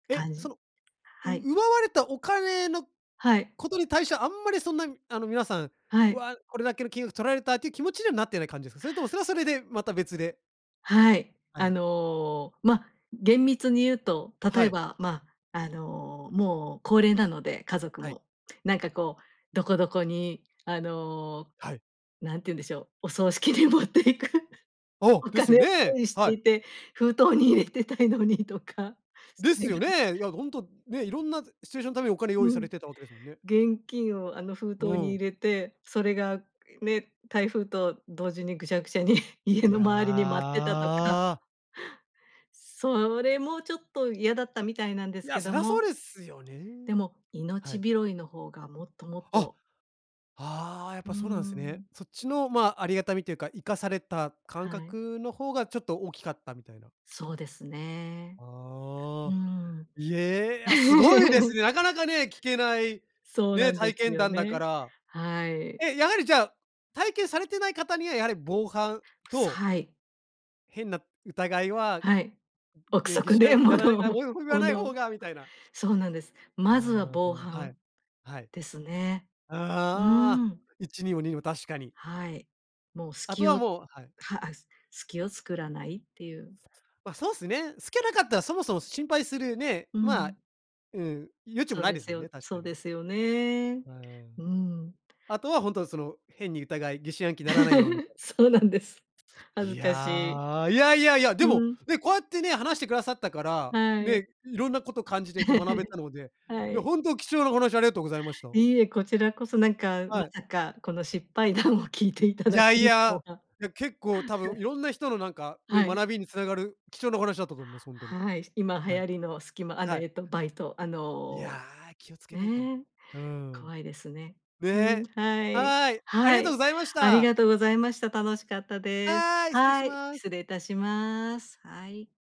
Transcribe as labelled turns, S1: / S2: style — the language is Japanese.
S1: え、
S2: 感じ
S1: そのう
S2: はい。
S1: 奪われたお金の
S2: はい。
S1: ことに対してはあんまり、そんなあの皆さん、
S2: はい。
S1: 「わ、これだけの金額取られた」っていう気持ちにはなってない感じですか？それともそれはそれでまた別で。
S2: はい、
S1: は
S2: あ
S1: い。
S2: のま、厳密に言うと、例
S1: は
S2: え
S1: い。
S2: ばまあ、あのもう高齢なので、家族
S1: はい。
S2: も。なんかこう、どこどこにあの、
S1: はい。
S2: 何て言うんでしょう、お葬式に持っていく
S1: あ、
S2: お
S1: です
S2: 金
S1: よ
S2: を
S1: ね、
S2: 用意し
S1: は
S2: て
S1: い。
S2: いて、封筒に入れてたいのにとか。そ
S1: で
S2: れ
S1: すよ
S2: が
S1: ね。いやほんとね、いろんなシチュエーションのためにお金用意
S2: う
S1: さ
S2: ん、
S1: れてたわけですもんね。
S2: 現金をあの封
S1: う
S2: 筒に入
S1: ん。
S2: れて、それがね、台風と同時にぐしゃぐしゃに家
S1: い
S2: の周りに舞ってたとか。
S1: や。
S2: それもちょっと嫌だったみたいなんで
S1: い
S2: す
S1: や、
S2: け
S1: そ
S2: ど
S1: りゃそ
S2: も、
S1: うですよね。
S2: でも、
S1: は
S2: 命
S1: い。
S2: 拾いの方がもっともっ
S1: あ、
S2: と
S1: ああ、やっ
S2: うー
S1: ぱそうなんすね。
S2: ん。
S1: そっちのまあ、ありがたみというか生かされた感
S2: はい。
S1: 覚の方がちょっと大きかったみたいな。
S2: そうですね。う
S1: ああ。
S2: ん。
S1: いえ、あ、すごいです ね。なかなかね、聞けない、
S2: そうな
S1: ね、
S2: んで
S1: 体
S2: す
S1: 験
S2: よ
S1: 談だか
S2: ね。
S1: ら。
S2: はい。
S1: え、やはりじゃあ、体験されてない方にはやはり防犯
S2: す
S1: と
S2: はい。
S1: 変な疑いは、
S2: はい、憶
S1: 「いや疑
S2: 測
S1: 心暗
S2: で
S1: 鬼にならない
S2: 物を
S1: な、
S2: も
S1: もう言わない方
S2: 物
S1: が」みたいな。
S2: そうなんです。まずは
S1: あ
S2: 防
S1: あ、はい、
S2: 犯
S1: はい。
S2: ですね。う
S1: ああ、
S2: ーん。
S1: 一にも二にも、確かに。
S2: はい、もう
S1: あと
S2: 隙
S1: は
S2: を
S1: もうはい。
S2: はあ隙を作らないっていう。
S1: ま、そうっすね。すけなかったら、そもそも心配するね、
S2: う
S1: まあ。
S2: ん。
S1: うん、余地も
S2: そう
S1: ない
S2: で
S1: です
S2: す
S1: もん
S2: よ
S1: ね、確
S2: そ
S1: か
S2: う
S1: に。
S2: ですよね。
S1: う
S2: う
S1: ん。
S2: ん。
S1: あとは、ほんとはその、変に疑い疑心暗鬼にならないよう、みた い
S2: そうなんです。恥
S1: い
S2: ずかしい。
S1: や、いやいやいや、で
S2: う
S1: も
S2: ん。
S1: ね、こうやってね、話してくださったから、
S2: はい。
S1: ね、いろんなこと感じれて学べ たので、
S2: は
S1: いや
S2: い。
S1: ほんと貴重なお話ありがとうございました。
S2: いいえ、こちらこそ、なんかま
S1: はい。
S2: さか、この失敗談をきいていた
S1: い
S2: だ
S1: や
S2: け
S1: い
S2: ると
S1: や、
S2: は。
S1: いや結構多分いろんな人のなんか、ね、
S2: はい。
S1: 学びにつながる貴重なお話だったと思います、ほんとに。
S2: はい、し今流
S1: はい。
S2: 行りのスキマあの、
S1: は
S2: え
S1: い。
S2: っと、バイト、あ
S1: いや、
S2: の、
S1: 気をつけないと。
S2: ね、
S1: うん。
S2: 怖いですね。うん、
S1: ね、
S2: はい、
S1: はい、あり
S2: は
S1: がとう
S2: い。
S1: ございまし
S2: あり
S1: た。
S2: がとうございました。楽しかったです。
S1: はい、失礼し
S2: はい、
S1: ます。
S2: 失礼いたします。はい。